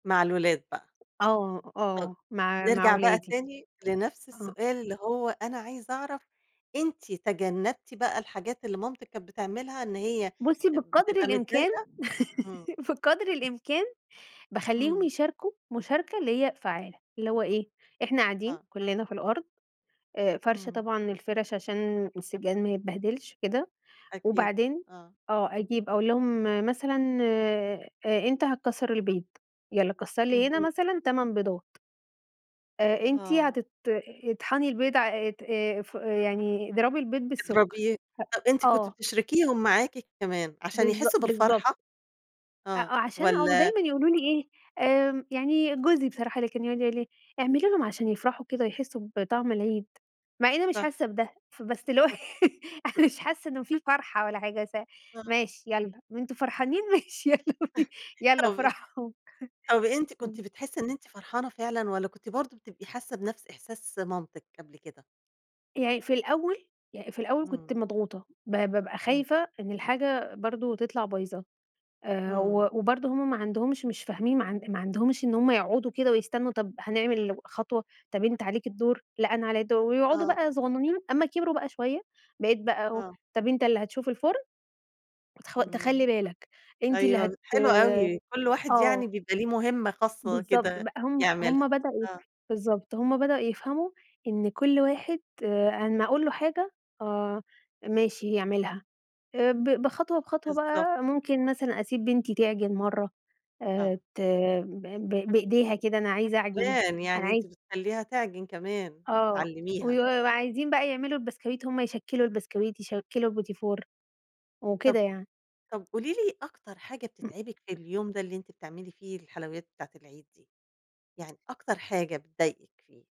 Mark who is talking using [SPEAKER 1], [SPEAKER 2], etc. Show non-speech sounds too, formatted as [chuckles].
[SPEAKER 1] مع الولاد بقى.
[SPEAKER 2] آه،
[SPEAKER 1] [unintelligible]
[SPEAKER 2] آه مع مع
[SPEAKER 1] نرجع بقى
[SPEAKER 2] ولادي،
[SPEAKER 1] تاني لنفس
[SPEAKER 2] آه.
[SPEAKER 1] السؤال اللي هو: أنا عايزة اعرف أنتِ تجنبتِ بقى الحاجات اللي مامتِك كانت بتعملها، إن هي
[SPEAKER 2] بُصّي بقدر
[SPEAKER 1] بتبقى
[SPEAKER 2] الإمكان
[SPEAKER 1] متضايقة؟ إمم
[SPEAKER 2] [giggles] بقدر الإمكان باخلّيهم
[SPEAKER 1] إمم.
[SPEAKER 2] يشاركوا مشاركة اللي هي فعالة، اللي هو إيه، إحنا قاعدين
[SPEAKER 1] آه.
[SPEAKER 2] كلّنا في الأرض آآ فارشة
[SPEAKER 1] إمم.
[SPEAKER 2] طبعًا الفَرْش عشان السجاد ما يتبهدلش كده
[SPEAKER 1] أكيد
[SPEAKER 2] وبعدين
[SPEAKER 1] آه.
[SPEAKER 2] آه، أجيب أقول لهم مثلًا آآ أنت هتكسّر البيض، يالّا كسّر لي هنا
[SPEAKER 1] اهم.
[SPEAKER 2] مثلًا 8 بيضات آآ، أنتِ
[SPEAKER 1] آه.
[SPEAKER 2] هتت اطحني البيض ع آآ ت فو يعني اضربي البيض بالسكر،
[SPEAKER 1] اضربية، طَب أنتِ
[SPEAKER 2] هأ
[SPEAKER 1] كنتِ
[SPEAKER 2] آه.
[SPEAKER 1] بتشركيهم معاكِ كمان عشان
[SPEAKER 2] بالض
[SPEAKER 1] يحسّوا
[SPEAKER 2] بالضبط.
[SPEAKER 1] بالفرحة؟
[SPEAKER 2] أ
[SPEAKER 1] آه
[SPEAKER 2] آه عشان أو
[SPEAKER 1] والّا
[SPEAKER 2] دايمًا يقولوا لي إيه، آمم، يعني جوزي بصراحة اللي كان يقعُد يقول لي إيه: "اعملي لهم عشان يفرحوا كده ويحسّوا بطعم العيد." مع إنّي مش
[SPEAKER 1] صح
[SPEAKER 2] حاسّة بده، فبس اللي هو [giggles] أنا
[SPEAKER 1] [chuckles]
[SPEAKER 2] مش حاسّة إنه في فرحة ولا حاجة أسا
[SPEAKER 1] آه.
[SPEAKER 2] ماشي يالّا، وأنتم فرحانين ماشي يالّا بينا
[SPEAKER 1] [chuckles]
[SPEAKER 2] يالّا
[SPEAKER 1] طَب
[SPEAKER 2] افرحوا
[SPEAKER 1] طَب
[SPEAKER 2] [chuckles]
[SPEAKER 1] أنتِ كنتِ
[SPEAKER 2] إمم.
[SPEAKER 1] بتحسّي إن أنتِ فرحانة فعلًا والّا كنتِ برضه بتبقى حاسّة بنَفْس إحساس مامتِك قبل كده؟
[SPEAKER 2] يعني في الأول يعني في الأول كنت
[SPEAKER 1] إمم.
[SPEAKER 2] مضغوطة، ب بابقى
[SPEAKER 1] إمم.
[SPEAKER 2] خايفة إن الحاجة برضه تطلع بايظة، آآ، و
[SPEAKER 1] إمم.
[SPEAKER 2] وبرضه هُم ما عندهمش، مش فاهمين، ما عن ما عندهمش إن هُم يقعُدوا كده ويستنوا، طَب هنعمل خطوة، طَب أنت عليك الدور، لأ أنا عليّا الدور، ويقعُدوا
[SPEAKER 1] آه.
[SPEAKER 2] بقى صغنّنين، أمّا كبروا بقى شوية، بقيت بقى أقول،
[SPEAKER 1] آه.
[SPEAKER 2] طَب أنت اللي هتشوف الفرن، وتخ
[SPEAKER 1] إمم
[SPEAKER 2] تخلّي بالك، أنتِ اللي
[SPEAKER 1] أيوه
[SPEAKER 2] هت
[SPEAKER 1] حلو أوي كل واحد
[SPEAKER 2] آه.
[SPEAKER 1] يعني بيبقى ليه مهمة خاصة
[SPEAKER 2] بالضبط
[SPEAKER 1] كده
[SPEAKER 2] بقى، هُم
[SPEAKER 1] يعملها،
[SPEAKER 2] هُم بدأوا يف
[SPEAKER 1] آه.
[SPEAKER 2] بالضبط هُم بدأوا يفهموا إن كل واحد، آآ، أمّا أقول له حاجة، آه ماشي يعملها. آآ، ب بخطوة بخطوة
[SPEAKER 1] بالضبط.
[SPEAKER 2] بقى، ممكن مثلًا أسيب بنتي تعجن مرّة، آآ،
[SPEAKER 1] آه.
[SPEAKER 2] ت ب ب بإيديها كده، أنا عايزة اعجن،
[SPEAKER 1] كمان،
[SPEAKER 2] أنا
[SPEAKER 1] يعني أنتِ
[SPEAKER 2] عاي
[SPEAKER 1] بتخلّيها تعجن كمان،
[SPEAKER 2] آه
[SPEAKER 1] بتعلميها.
[SPEAKER 2] ويو وعايزين بقى يعملوا البسكويت، هُم يشكّلوا البسكويت، يشكّلوا البُتيفور، وكده
[SPEAKER 1] طَب
[SPEAKER 2] يعني.
[SPEAKER 1] طَب قولي لي أكتر حاجة بتتعبِك في اليوم ده اللي أنتِ بتعملي فيه الحلويات بتاعة العيد دي، يعني أكتر حاجة بتضايقِك فيه؟